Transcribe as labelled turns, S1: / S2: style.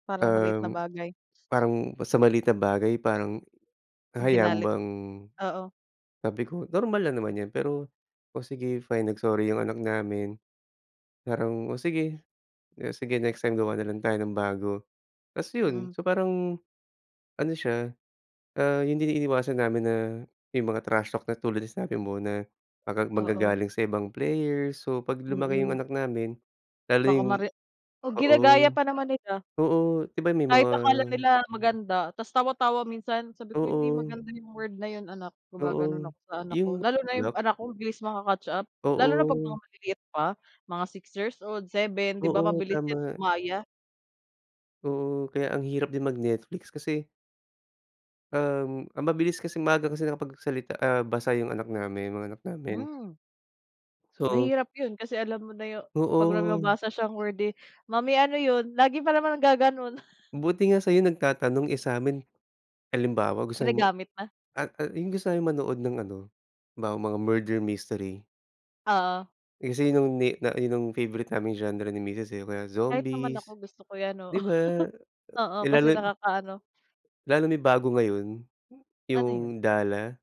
S1: Parang maliit na
S2: Um,
S1: bagay.
S2: parang sa maliit na bagay parang hahayaan mo
S1: Ginalit?
S2: bang
S1: Oo.
S2: sabi ko normal lang naman yan, pero, o sige fine, nag-sorry yung anak namin. Parang o sige, o sige next time gawa nalang tayo ng bago. Ta's yun.
S1: Mm.
S2: So, parang ano siya, ah, yung din iniiwasan namin na yung mga trash talk na tulad na sinasabi mo na mag
S1: Oo.
S2: maggagaling sa ibang player. So, 'pag lumaki yung
S1: Mm.
S2: anak namin, lalo
S1: Baka
S2: yung
S1: mare o, ginagaya
S2: oo.
S1: pa naman nila.
S2: Oo, di ba may
S1: Kahit
S2: mga
S1: akala nila maganda tas tawa-tawa minsan, sabi ko hindi
S2: Oo.
S1: maganda yung word na yung anak, gumagano'n
S2: Oo,
S1: ako sa anak ko,
S2: yung
S1: lalo na yung
S2: lock.
S1: anak ko bilis maka-catch up, lalo na 'pag mga
S2: Oo.
S1: maliliit pa, mga 6 years old, 7 di ba,
S2: Oo,
S1: mabilis yan
S2: tama.
S1: gumaya.
S2: Oo, kaya ang hirap din mag-Netflix kasi um, ang mabilis kasi maaga kasi nakapagsalita, ah, basa yung anak namin yung mga anak namin.
S1: Hmm.
S2: So.
S1: Mahirap yun kasi alam mo na yung 'pag may
S2: Oo.
S1: mababasa siyang word eh, "Mommy, ano yun?" lagi pa naman naggagano'n.
S2: Buti nga sa'yo nagtatanong, eh sa'min halimbawa gusto
S1: Ginagamit na.
S2: at, ah, yung gusto naming manood ng ano, 'bawa mga murder mystery.
S1: Oo.
S2: Eh kasi yung ni na yun yung favorite naming genre ni misis eh, mga
S1: Kahit naman ako
S2: zombies,
S1: gusto ko yan, oo,
S2: di ba?
S1: oo,
S2: Eh
S1: kasi
S2: lalo
S1: nakakaano.
S2: lalo na yung bago ngayon,
S1: Ano yun?
S2: yung Dala?